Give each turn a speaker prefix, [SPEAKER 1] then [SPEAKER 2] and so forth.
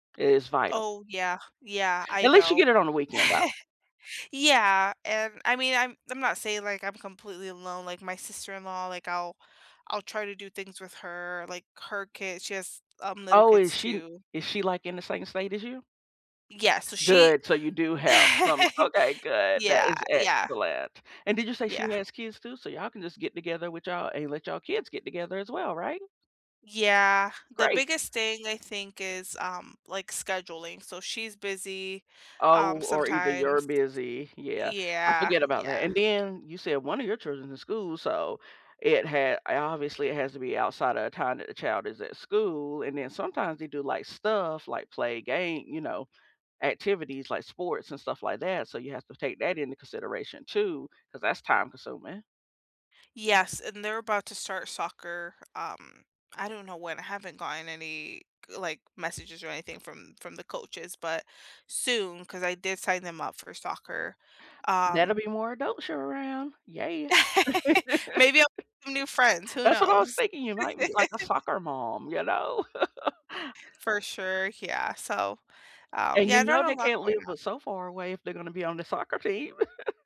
[SPEAKER 1] Is vital.
[SPEAKER 2] Oh, yeah, yeah, I
[SPEAKER 1] At least you get
[SPEAKER 2] know.
[SPEAKER 1] it on the weekend, though.
[SPEAKER 2] Yeah, and, I mean, I'm I'm not saying, like, I'm completely alone, like, my sister-in-law, like, I'll I'll try to do things with her, like, her kids she has, um, little
[SPEAKER 1] Oh, is
[SPEAKER 2] kids,
[SPEAKER 1] she
[SPEAKER 2] too.
[SPEAKER 1] is she, like, in the same state as you?
[SPEAKER 2] Yeah, so, she
[SPEAKER 1] Good, so, you do have some Okay, good, that
[SPEAKER 2] Yeah,
[SPEAKER 1] is
[SPEAKER 2] yeah.
[SPEAKER 1] excellent. And did you say she
[SPEAKER 2] Yeah.
[SPEAKER 1] has kids, too? So, y'all can just get together with y'all and let y'all kids get together, as well, right?
[SPEAKER 2] Yeah, the
[SPEAKER 1] Great.
[SPEAKER 2] biggest thing, I think, is, um, like, scheduling, so, she's busy, um,
[SPEAKER 1] Oh, or either you're
[SPEAKER 2] sometimes
[SPEAKER 1] busy? Yeah, I
[SPEAKER 2] Yeah,
[SPEAKER 1] forget about that,
[SPEAKER 2] yeah.
[SPEAKER 1] and then, you said 1 of your children's in school, so, it had uh, obviously, it has to be outside of the time that the child is at school, and then, sometimes, they do, like, stuff, like, play a game you know, activities, like, sports and stuff like that, so, you have to take that into consideration too 'cause that's time-consuming.
[SPEAKER 2] Yes, and they're about to start soccer, um I don't know when. I haven't gotten any g like, messages or anything from from the coaches, but soon 'cause I did sign them up for soccer,
[SPEAKER 1] That'll
[SPEAKER 2] um
[SPEAKER 1] be more adults sure around, yeah.
[SPEAKER 2] Maybe I'll make some new friends, who
[SPEAKER 1] That's what I was
[SPEAKER 2] knows?
[SPEAKER 1] thinking. You might meet, like, a soccer mom, you know?
[SPEAKER 2] For sure, yeah, so, um,
[SPEAKER 1] And
[SPEAKER 2] yeah,
[SPEAKER 1] you
[SPEAKER 2] I've got
[SPEAKER 1] know
[SPEAKER 2] a
[SPEAKER 1] they
[SPEAKER 2] lot
[SPEAKER 1] can't
[SPEAKER 2] going
[SPEAKER 1] live
[SPEAKER 2] on.
[SPEAKER 1] but so far away if they're gonna be on the soccer team.